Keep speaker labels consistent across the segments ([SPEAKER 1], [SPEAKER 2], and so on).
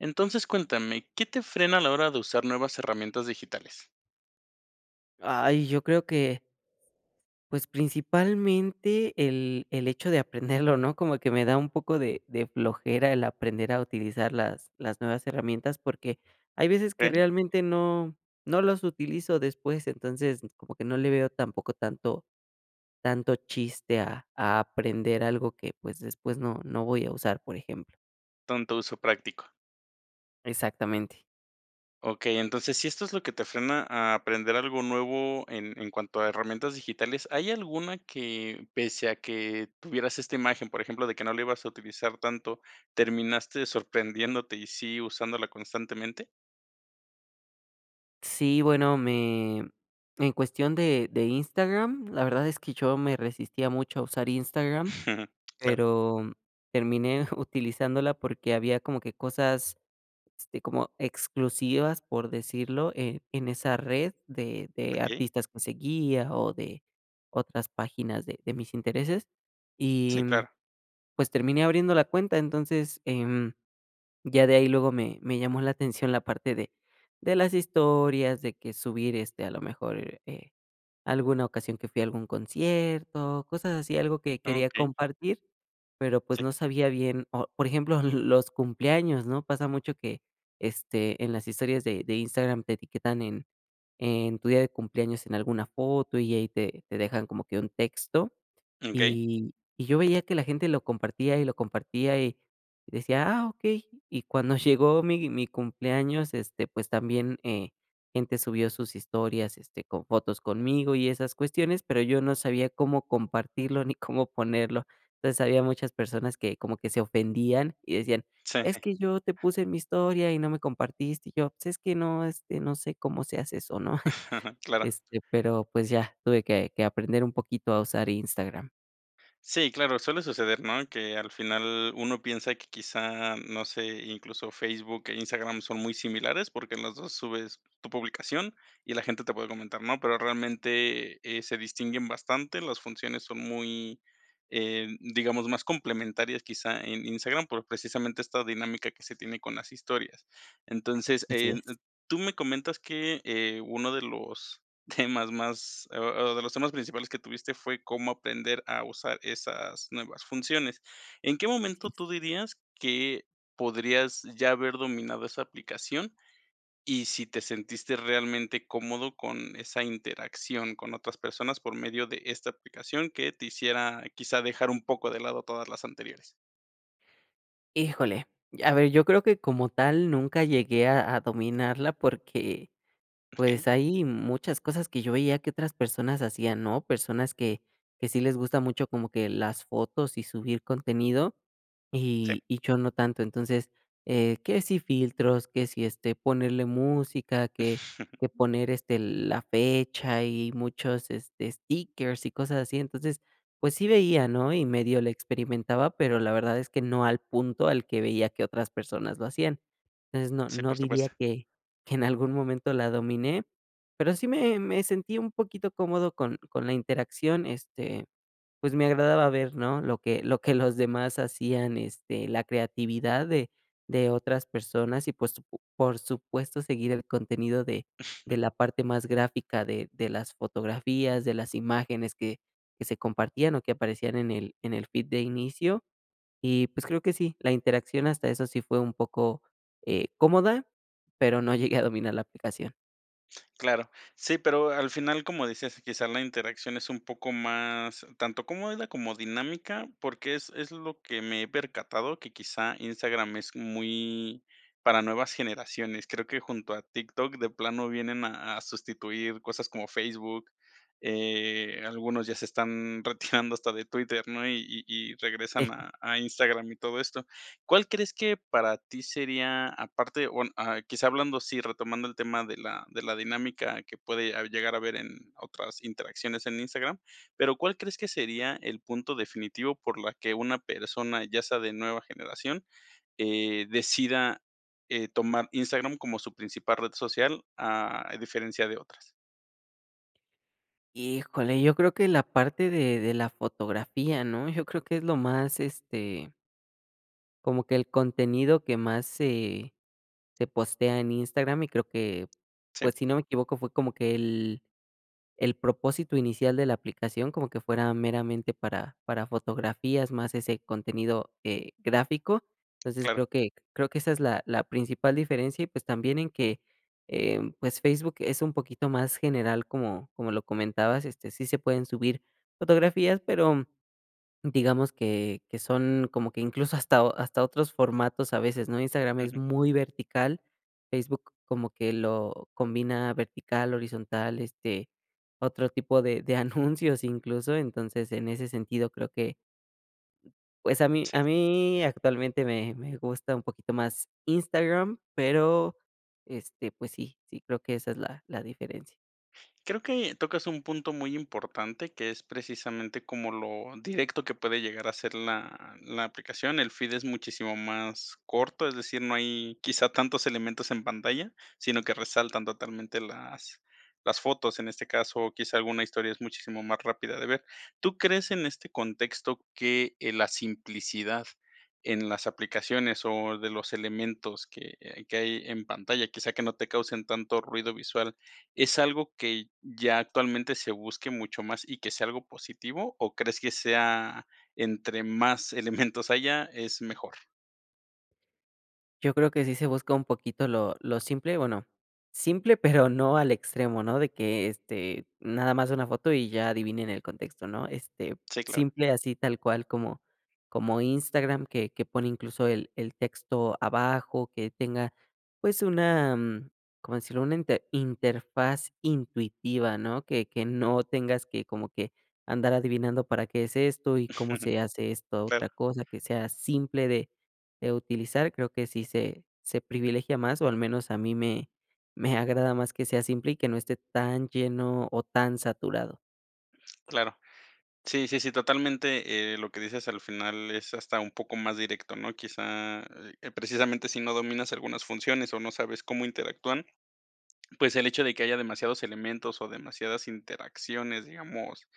[SPEAKER 1] Entonces, cuéntame, ¿qué te frena a la hora de usar nuevas herramientas digitales?
[SPEAKER 2] Ay, yo creo que pues, principalmente el el hecho de aprenderlo, ¿no?, como que me da un poco de de flojera el aprender a utilizar las las nuevas herramientas, porque hay veces que
[SPEAKER 1] Okey.
[SPEAKER 2] realmente no no los utilizo después, entonces, como que no le veo tampoco tanto tanto chiste a a aprender algo que, pues, después no no voy a usar, por ejemplo.
[SPEAKER 1] Tanto uso práctico.
[SPEAKER 2] Exactamente.
[SPEAKER 1] Okey, entonces, si esto es lo que te frena a aprender algo nuevo en en cuanto a herramientas digitales, ¿hay alguna que, pese a que tuvieras esta imagen, por ejemplo, de que no la ibas a utilizar tanto, terminaste sorprendiéndote y sí usándola constantemente?
[SPEAKER 2] Sí, bueno, me en cuestión de de Instagram, la verdad es que yo me resistía mucho a usar Instagram,
[SPEAKER 1] Claro.
[SPEAKER 2] pero terminé utilizándola porque había como que cosas, este, como exclusivas, por decirlo, eh, en esa red de de
[SPEAKER 1] Okey.
[SPEAKER 2] artistas que seguía o de otras páginas de de mis intereses, y
[SPEAKER 1] Sí, claro.
[SPEAKER 2] pues terminé abriendo la cuenta, entonces, em, ya de ahí luego me me llamó la atención la parte de de las historias, de que subir, este, a lo mejor, eh, alguna ocasión que fui a algún concierto, cosas así, algo que quería
[SPEAKER 1] Okey.
[SPEAKER 2] compartir, pero pues
[SPEAKER 1] Sí.
[SPEAKER 2] no sabía bien, o por ejemplo, los cumpleaños, ¿no?, pasa mucho que, este, en las historias de de Instagram te etiquetan en en tu día de cumpleaños en alguna foto, y ahí te te dejan como que un texto,
[SPEAKER 1] Okey.
[SPEAKER 2] y y yo veía que la gente lo compartía y lo compartía, y decía: "Ah, okey", y cuando llegó mi mi cumpleaños, este, pues también, eh, gente subió sus historias, este, con fotos conmigo y esas cuestiones, pero yo no sabía cómo compartirlo ni cómo ponerlo, entonces, había muchas personas que como que se ofendían y decían: "Es
[SPEAKER 1] Sí.
[SPEAKER 2] que yo te puse mi historia y no me compartiste", y yo: "Pues es que no, este, no sé cómo se hace eso", ¿no?,
[SPEAKER 1] Claro.
[SPEAKER 2] este, pero, pues ya, tuve que que aprender un poquito a usar Instagram.
[SPEAKER 1] Sí, claro, suele suceder, ¿no? Que al final uno piensa que quizá, no sé, incluso Facebook e Instagram son muy similares, porque, en los dos subes tu publicación y la gente te puede comentar, ¿no? Pero realmente, eh, se distinguen bastante, las funciones son muy, eh, digamos, más complementarias quizá en Instagram por precisamente esta dinámica que se tiene con las historias. Entonces,
[SPEAKER 2] Así
[SPEAKER 1] eh,
[SPEAKER 2] es.
[SPEAKER 1] tú me comentas que, eh, uno de los temas más, o o de los temas principales que tuviste fue cómo aprender a usar esas nuevas funciones, ¿en qué
[SPEAKER 2] Así
[SPEAKER 1] momento
[SPEAKER 2] es.
[SPEAKER 1] tú dirías que podrías ya haber dominado esa aplicación? Y si te sentiste realmente cómodo, con esa interacción con otras personas por medio de esta aplicación que te hiciera, quizá dejar un poco de lado todas las anteriores.
[SPEAKER 2] Híjole, y a ver, yo creo que como tal nunca llegué a a dominarla porque,
[SPEAKER 1] Okey.
[SPEAKER 2] pues, hay muchas cosas que yo veía que otras personas hacían, ¿no? Personas que, que sí les gusta mucho como que las fotos y subir contenido,
[SPEAKER 1] Sí.
[SPEAKER 2] y y yo no tanto. Entonces, eh, que si filtros, que si, este, ponerle música, que que poner este la fecha y muchos este, stickers y cosas así. Entonces, pues sí veía, ¿no? Y medio le experimentaba, pero, la verdad es que no al punto al que veía que otras personas lo hacían. Entonces, no
[SPEAKER 1] Sí,
[SPEAKER 2] no
[SPEAKER 1] por
[SPEAKER 2] diría
[SPEAKER 1] supuesto.
[SPEAKER 2] que que en algún momento la dominé, pero, sí me me sentí un poquito cómodo con con la interacción, este, pues me agradaba ver, ¿no? Lo que lo que los demás hacían, este, la creatividad de de otras personas y, pues po por supuesto seguir el contenido de de la parte más gráfica de de las fotografías, de las imágenes que que se compartían, o que aparecían en el en el feed de inicio. Y, pues, creo que sí, la interacción hasta eso sí fue un poco, eh, cómoda, pero, no llegué a dominar la aplicación.
[SPEAKER 1] Claro, sí, pero al final, como decías, quizá la interacción es un poco más, tanto cómoda, como dinámica, porque es es lo que me he percatado, que quizá Instagram es muy para nuevas generaciones, creo que junto a TikTok, de plano, vienen a a sustituir cosas como Facebook, eh, algunos ya se están retirando hasta de Twitter, ¿no?, y y y regresan a a Instagram y todo esto, ¿cuál crees que para ti sería, aparte o, ah, bueno, quizá hablando así, retomando el tema de la de la dinámica que puede llegar a haber en otras interacciones en Instagram, ¿pero cuál crees que sería el punto definitivo por la que una persona, ya sea de nueva generación, eh, decida, eh, tomar Instagram como su principal red social, a diferencia de otras?
[SPEAKER 2] Híjole, yo creo que la parte de de la fotografía, ¿no?, yo creo que es lo más, este como que el contenido que más se se postea en Instagram, y creo que,
[SPEAKER 1] Sí.
[SPEAKER 2] pues, si no me equivoco, fue como que el el propósito inicial de la aplicación, como que fuera meramente para para fotografías, más ese contenido, eh, gráfico, entonces,
[SPEAKER 1] Claro.
[SPEAKER 2] creo que creo que esa es la la principal diferencia y, pues, también en que, em, pues, Facebook es un poquito más general, como como lo comentabas, este, sí se pueden subir fotografías, pero, digamos que que son como que incluso hasta hasta otros formatos a veces, ¿no? Instagram es
[SPEAKER 1] Ujú.
[SPEAKER 2] muy vertical, Facebook como que lo combina vertical, horizontal, este, otro tipo de de anuncios incluso, entonces, en ese sentido creo que pues a mí
[SPEAKER 1] Sí.
[SPEAKER 2] a mí actualmente me me gusta un poquito más Instagram, pero, este, pues sí sí creo que esa es la la diferencia.
[SPEAKER 1] Creo que tocas un punto muy importante, que es precisamente como lo directo que puede llegar a ser la la aplicación. El feed es muchísimo más corto, es decir, no hay quizá tantos elementos en pantalla, sino que resaltan totalmente las las fotos, en este caso, o quizá alguna historia es muchísimo más rápida de ver, ¿tú crees en este contexto que, eh, la simplicidad en las aplicaciones o de los elementos que hay que hay en pantalla, quizá, que no te causen tanto ruido visual, es algo que ya actualmente se busque mucho más y que sea algo positivo? ¿O crees que sea, entre más elementos haya, es mejor?
[SPEAKER 2] Yo creo que sí se busca un poquito lo lo simple, bueno, simple pero, no al extremo, ¿no?, de que, este, nada más una foto y ya adivinen el contexto, ¿no? Este,
[SPEAKER 1] Sí, claro.
[SPEAKER 2] simple, así tal cual como como Instagram, que que pone incluso el el texto abajo, que tenga, pues, una, mm ¿cómo decirlo?, una inte interfaz intuitiva, ¿no?, que que no tengas que como que andar adivinando, ¿para qué es esto?, y, ¿cómo se hace esta otra
[SPEAKER 1] Claro.
[SPEAKER 2] cosa? Que sea simple de eh utilizar, creo que sí se se privilegia más, o al menos a mí me me agrada más que sea simple y que no esté tan lleno o tan saturado.
[SPEAKER 1] Claro. Sí, sí, sí, totalmente, eh, lo que dices al final es hasta un poco más directo, ¿no? Quizá, eh eh, precisamente, si no dominas algunas funciones o no sabes cómo interactúan, pues, el hecho de que haya demasiados elementos o demasiadas interacciones, digamos,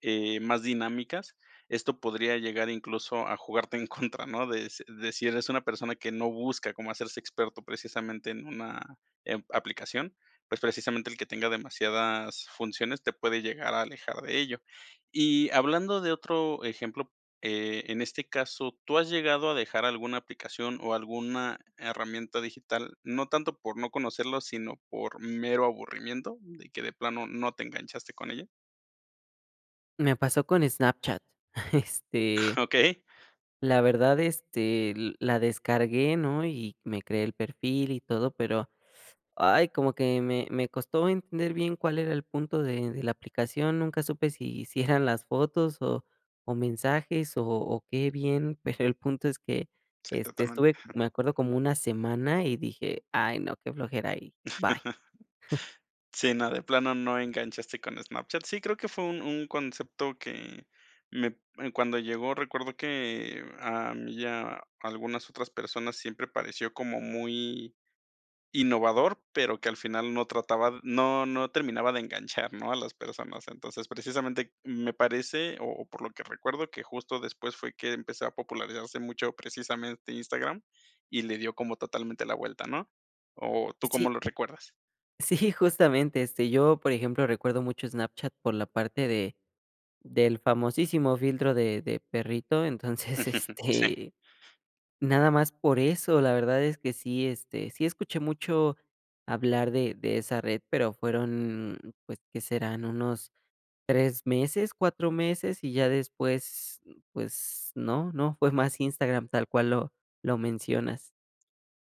[SPEAKER 1] eh, más dinámicas, esto podría llegar incluso a jugarte en contra, ¿no? Deci decir, es una persona que no busca cómo hacerse experto precisamente en una, em, aplicación, pues, precisamente, el que tenga demasiadas funciones te puede llegar a alejar de ello. Y hablando de otro ejemplo, eh, en este caso, ¿tú has llegado a dejar alguna aplicación o alguna herramienta digital? No tanto por no conocerlo, sino por mero aburrimiento, de que de plano, no te enganchaste con ella.
[SPEAKER 2] Me pasó con Snapchat, este
[SPEAKER 1] Okey.
[SPEAKER 2] la verdad, este, l la descargué, ¿no?, y me creé el perfil y todo, pero, ay, como que me me costó entender bien cuál era el punto de de la aplicación, nunca supe si si eran las fotos o o mensajes o o qué bien, pero, el punto es que,
[SPEAKER 1] Sí,
[SPEAKER 2] este,
[SPEAKER 1] totalmente.
[SPEAKER 2] estuve me acuerdo como una semana y dije: "Ay no, qué flojera", y bye.
[SPEAKER 1] Sí, no, de plano no enganchaste con Snapchat. Sí, creo que fue un un concepto que me, eh, cuando llegó, recuerdo que a mí y a algunas otras personas, siempre pareció como muy innovador, pero que al final no trataba no no terminaba de enganchar, ¿no?, a las personas. Entonces, precisamente, me parece, o o por lo que recuerdo, que justo después fue que empezó a popularizarse mucho precisamente Instagram y le dio como totalmente la vuelta, ¿no? ¿O tú cómo
[SPEAKER 2] Sí.
[SPEAKER 1] lo recuerdas?
[SPEAKER 2] Sí, justamente, este, yo, por ejemplo, recuerdo mucho Snapchat por la parte de del famosísimo filtro de de perrito, entonces,
[SPEAKER 1] Sí.
[SPEAKER 2] este, nada más por eso, la verdad es que sí, este, sí escuché mucho hablar de de esa red, pero fueron, pues, ¿qué serán?, unos 3 meses, 4 meses, y ya después, mm, pues, no no, fue más Instagram tal cual lo lo mencionas.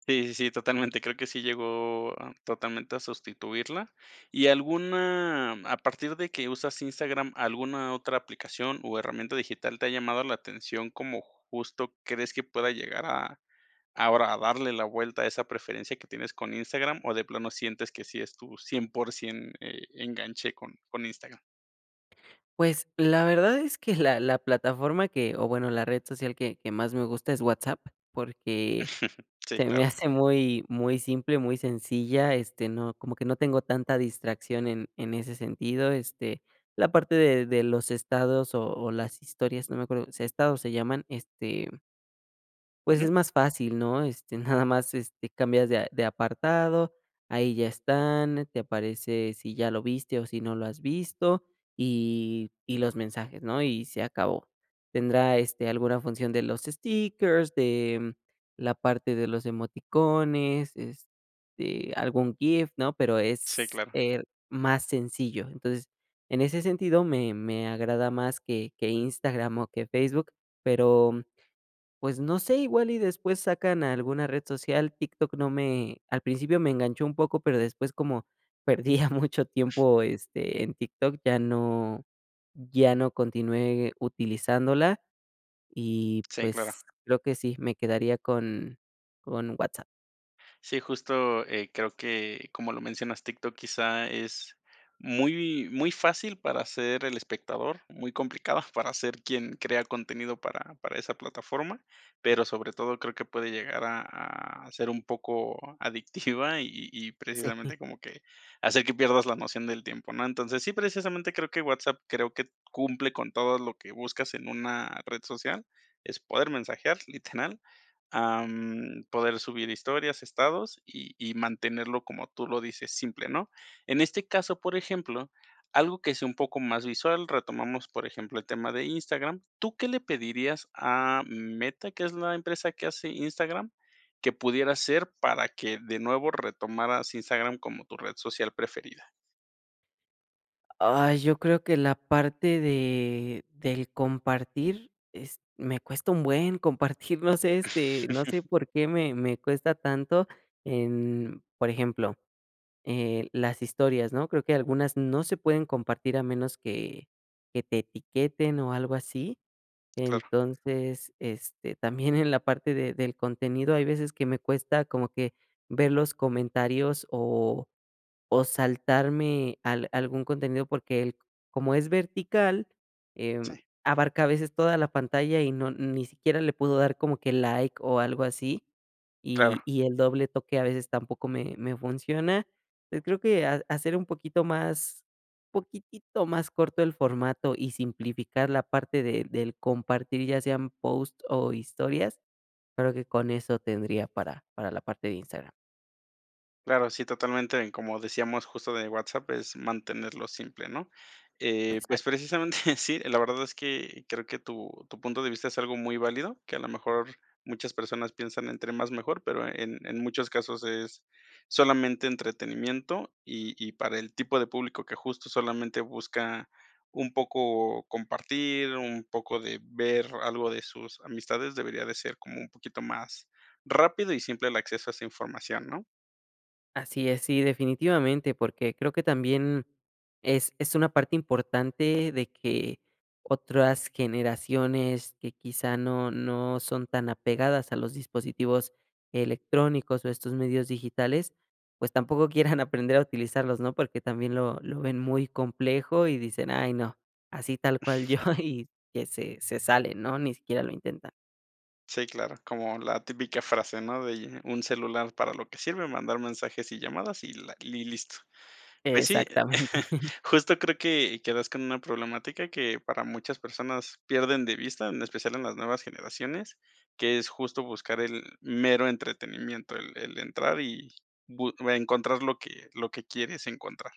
[SPEAKER 1] Sí, sí, sí, totalmente. Creo que sí llegó, ah, totalmente a sustituirla, ¿y alguna, a partir de que usas Instagram, alguna otra aplicación o herramienta digital te ha llamado la atención como justo crees que pueda llegar a ahora a darle la vuelta a esa preferencia que tienes con Instagram o de plano sientes que sí es tu 100% eh, enganche con con Instagram?
[SPEAKER 2] Pues, la verdad es que la la plataforma que o bueno, la red social que que más me gusta es WhatsApp, porque
[SPEAKER 1] Sí,
[SPEAKER 2] se me
[SPEAKER 1] claro.
[SPEAKER 2] hace muy muy simple, muy sencilla, este, no como que no tengo tanta distracción en en ese sentido, este, la parte de de los estados o o las historias, no me acuerdo si estados se llaman, este pues
[SPEAKER 1] Ujú.
[SPEAKER 2] es más fácil, ¿no? Este, nada más, este, cambias de a de apartado, ahí ya están, te aparece si ya lo viste o si no lo has visto y y los mensajes, ¿no?, y se acabó. Tendrá, este, alguna función de los stickers, de, mm, la parte de los emoticones, este, algún GIF, ¿no?, pero
[SPEAKER 1] Sí,
[SPEAKER 2] es,
[SPEAKER 1] claro.
[SPEAKER 2] eh, más sencillo. Entonces, en ese sentido me me agrada más que que Instagram o que Facebook, pero, pues, no sé, igual y después sacan alguna red social. TikTok no me al principio me enganchó un poco, pero después como perdía mucho tiempo, este, en TikTok, ya no ya no continué utilizándola, y
[SPEAKER 1] Sí, claro.
[SPEAKER 2] pues creo que sí, me quedaría con con WhatsApp.
[SPEAKER 1] Sí, justo, eh, creo que, como lo mencionas, TikTok, quizá es muy muy fácil para ser el espectador, muy complicado para ser quien crea contenido para para esa plataforma, pero sobre todo creo que puede llegar a a ser un poco adictiva y y
[SPEAKER 2] Sí.
[SPEAKER 1] precisamente como que hacer que pierdas la noción del tiempo, ¿no? Entonces, sí precisamente creo que WhatsApp creo que cumple con todo lo que buscas en una red social, es poder mensajear, literal, am, poder subir historias, estados y y mantenerlo, como tú lo dices, simple, ¿no? En este caso, por ejemplo, algo que sea un poco más visual, retomamos, por ejemplo, el tema de Instagram. ¿Tú qué le pedirías a Meta, que es la empresa que hace Instagram, que pudiera hacer para que de nuevo retomaras Instagram como tu red social preferida?
[SPEAKER 2] Ay, yo creo que la parte de del compartir est me cuesta un buen compartir. No sé, este, no sé por qué me me cuesta tanto en, por ejemplo, eh, las historias, ¿no?, creo que algunas no se pueden compartir a menos que que te etiqueten o algo así.
[SPEAKER 1] Claro.
[SPEAKER 2] Entonces, este, también en la parte de del contenido hay veces que me cuesta como que ver los comentarios o o saltarme al algún contenido porque el como es vertical, em,
[SPEAKER 1] Sí.
[SPEAKER 2] abarca a veces toda la pantalla y no ni siquiera le pudo dar como que like o algo así,
[SPEAKER 1] Claro.
[SPEAKER 2] y y el doble toque a veces tampoco me me funciona. Eh, creo que ha hacer un poquito más, poquitito más corto el formato y simplificar la parte de del compartir, ya sean post o historias, creo que con eso tendría para para la parte de Instagram.
[SPEAKER 1] Claro, sí, totalmente, en como decíamos justo de WhatsApp, es mantenerlo simple, ¿no?, eh, pues,
[SPEAKER 2] Exacto.
[SPEAKER 1] precisamente sí, la verdad es que creo que tu tu punto de vista es algo muy válido, que a lo mejor muchas personas piensan entre más mejor, pero en en muchos casos es solamente entretenimiento, y y para el tipo de público que justo solamente busca un poco compartir, un poco de ver algo de sus amistades, debería de ser como un poquito más rápido y simple el acceso a esa información, ¿no?
[SPEAKER 2] Así es, sí definitivamente porque creo que también es es una parte importante de que otras generaciones que quizá no no son tan apegadas a los dispositivos electrónicos o estos medios digitales, pues tampoco quieran aprender a utilizarlos, ¿no?, porque también lo lo ven muy complejo y dicen: "Ay no", así tal cual yo y que se se sale, ¿no?, ni siquiera lo intenta.
[SPEAKER 1] Sí, claro, como la típica frase, ¿no?, de un celular para lo que sirve, mandar mensajes y llamadas y la y listo, pues sí,
[SPEAKER 2] Exactamente.
[SPEAKER 1] justo creo que que das con una problemática que para muchas personas pierden de vista, en especial en las nuevas generaciones, que es justo buscar el mero entretenimiento, el el entrar y bu encontrar lo que lo que quieres encontrar,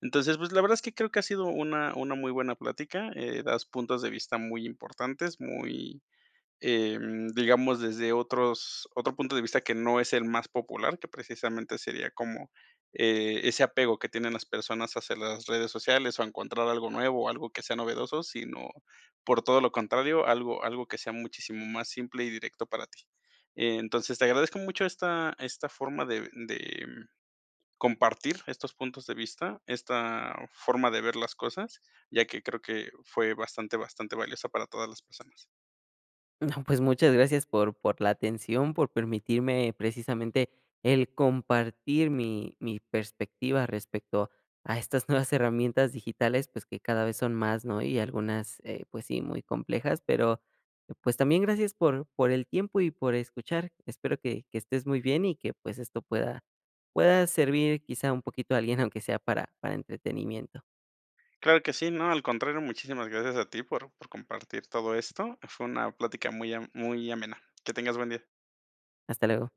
[SPEAKER 1] entonces, pues, la verdad es que creo que ha sido una una muy buena plática, eh, das puntos de vista muy importantes, muy, em, digamos, desde otros otro punto de vista que no es el más popular, que precisamente sería como, eh, ese apego que tienen las personas hacia las redes sociales o encontrar algo nuevo o algo que sea novedoso, sino, por todo lo contrario, algo algo que sea muchísimo más simple y directo para ti, entonces, te agradezco mucho esta esta forma de de, mm, compartir estos puntos de vista, esta forma de ver las cosas, ya que creo que fue bastante bastante valiosa para todas las personas.
[SPEAKER 2] No, pues muchas gracias por por la atención, por permitirme precisamente el compartir mi mi perspectiva respecto a estas nuevas herramientas digitales, pues que cada vez son más, ¿no?, y algunas, eh, pues sí, muy complejas, pero, pues también gracias por por el tiempo y por escuchar, espero que que estés muy bien y que, pues esto pueda pueda servir quizá un poquito a alguien, aunque sea para para entretenimiento.
[SPEAKER 1] Claro que sí, no, al contrario, muchísimas gracias a ti por por compartir todo esto, fue una plática muy a muy amena, que tengas buen día.
[SPEAKER 2] Hasta luego.